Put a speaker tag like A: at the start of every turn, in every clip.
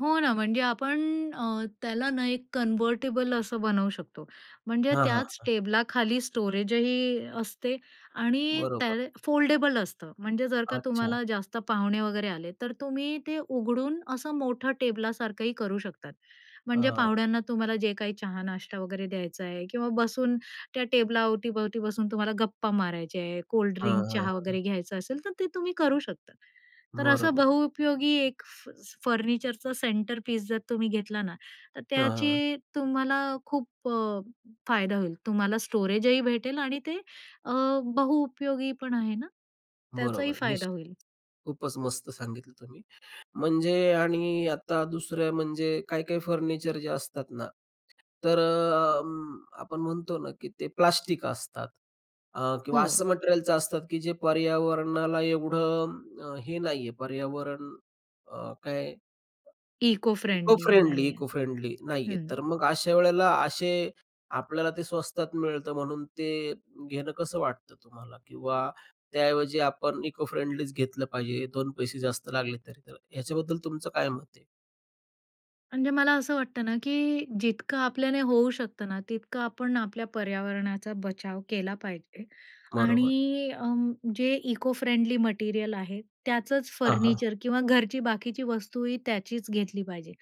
A: हो ना, म्हणजे आपण अ, त्याला ना एक कन्व्हर्टिबल असं बनवू शकतो. म्हणजे
B: हां, हां,
A: त्याच
B: हां.
A: टेबलाखाली स्टोरेजही असते आणि
B: बरोबर.
A: त्याल फोल्डेबल असतं. म्हणजे जर का
B: अच्छा.
A: तुम्हाला जास्त पाहुणे वगैरे आले, तर तुम्ही ते उघडून असं मोठं टेबलासारखंही करू शकतात. म्हणजे
B: हां.
A: पाहुण्यांना तुम्हाला जे काही चहा-नाष्टा वगैरे द्यायचा आहे किंवा बसून त्या टेबलाअवतीभवती बसून तुम्हाला गप्पा मारायचे आहे,
B: हां,
A: कोल्डड्रिंक,
B: हां,
A: चहा
B: हां.
A: वगैरे घ्यायचं असेल, तर ते तुम्ही करू शकता. तर असं
B: बरोबर.
A: बहुउपयोगी एक फ स फर्निचरचं सेंटर पीस जर तुम्ही घेतला ना, तर
B: हां, हां.
A: त्याची तुम्हाला खूप अ, फायदा होईल. तुम्हाला स्टोरेजही भेटेल आणि ते अ, बहुउपयोगी पण आहे ना,
B: बरोबर
A: त्याचाही
B: आहे
A: फायदा
B: निश्चित.
A: होईल.
B: खूपच मस्त सांगितलं तुम्ही. म्हणजे आणि आता दुसऱ्या म्हणजे काही-काही फर्निचर जे असतात ना, तर अ, अं, आपण म्हणतो ना की ते प्लास्टिक असतात, अ, किंवा
A: हो.
B: असं मटेरिअलच्या असतात की जे पर्यावरणाला एवढं अं, हे नाहीये पर्यावरण अ, काय अ,
A: इको-फ्रेंडली
B: इको-फ्रेंडली,
A: नाहीयेत.
B: इको-फ्रेंडली नाहीयेत.
A: हं.
B: तर मग अशा वेळेला असे आपल्याला ते स्वस्तात मिळतं म्हणून ते घेणं कसं वाटतं तुम्हाला? किंवा त्याऐवजी आपण इको-फ्रेंडलीच घेतलं पाहिजे, दोन पैसे जास्त लागले तरी, तर ह्याच्याबद्दल तुमचं काय मत आहे?
A: म्हणजे मला असं वाटतं ना की जितकं आपल्याने होऊ शकतं ना, तितकं आपण आपल्या पर्यावरणाचा बचाव केला पाहिजे.
B: बरोबर आहे.
A: आणि अं, जे इको-फ्रेंडली मटेरिअल आहे, त्याचंच
B: हां, हां.
A: फर्निचर किंवा घरची बाकीची वस्तूही त्याचीच घेतली पाहिजे.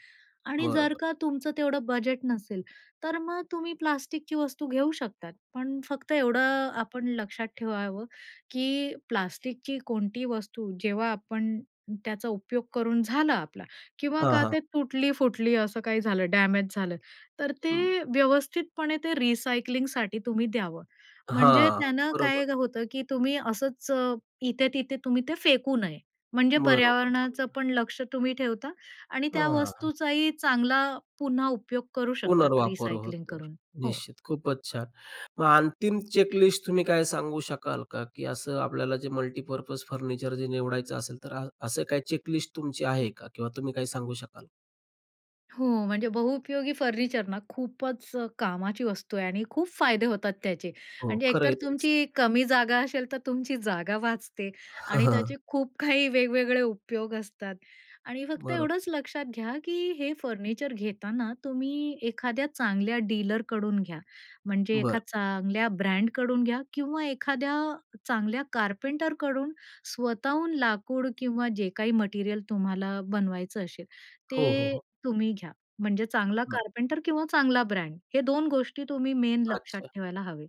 A: आणि जर
B: बरोबर.
A: का तुमचं तेवढं बजेट नसेल, तर मग तुम्ही प्लास्टिकची वस्तू घेऊ शकतात, पण फक्त एवढं आपण लक्षात ठेवावं की प्लास्टिकची कोणती वस्तू जेव्हा आपण त्याचा उपयोग करून झाला आपला किंवा
B: हां,
A: का
B: हां.
A: ते तुटली-फुटली असं काही झालं डॅमेज झालं, तर
B: हं.
A: ते व्यवस्थितपणे ते रिसायकलिंगसाठी तुम्ही द्यावं. म्हणजे
B: हां,
A: त्यानं
B: बरोबर.
A: काय होतं की तुम्ही असच अ, इथे-तिथे तुम्ही ते फेकू नये. म्हणजे
B: बरोबर,
A: पर्यावरणाचं
B: बरोबर.
A: पण लक्ष तुम्ही ठेवता आणि
B: अ,
A: त्या
B: हां.
A: वस्तूचाही चांगला पुन्हा उपयोग करू शकतात
B: पुनर्वापर
A: रिसायकलिंग
B: होतो.
A: करून. हो.
B: निश्चित, खूपच छान! मग अंतिम चेकलिस्ट तुम्ही काय सांगू शकाल का? की असं आपल्याला जे मल्टीपर्पज फर्निचर जे निवडायचं असेल तर अ, असं काही चेकलिस्ट तुमची आहे का किंवा तुम्ही काही सांगू शकाल का?
A: हो, म्हणजे बहुपयोगी फर्निचर ना खूपच अ, कामाची वस्तू आहे आणि खूप फायदे होतात त्याचे.
B: हो,
A: म्हणजे
B: खरं आहे,
A: एकतर
B: त्यांचं.
A: तुमची कमी जागा असेल तर तुमची जागा वाचते आणि त्याचे खूप काही वेगवेगळे उपयोग असतात. आणि फक्त
B: बरोबर.
A: एवढंच लक्षात घ्या की हे फर्निचर घेताना तुम्ही एखाद्या चांगल्या डीलरकडून घ्या. म्हणजे
B: बरं.
A: एखाद्या चांगल्या ब्रँडकडून घ्या किंवा एखाद्या चांगल्या कारपेंटरकडून स्वतःहून लाकूड किंवा जे काही मटेरिअल तुम्हाला बनवायचं असेल,
B: हो, हो,
A: ते
B: हो.
A: तुम्ही घ्या. म्हणजे चांगला
B: बरं.
A: कारपेंटर किंवा चांगला ब्रँड, हे दोन गोष्टी तुम्ही मेन लक्षात
B: अच्छा.
A: ठेवायला हवे.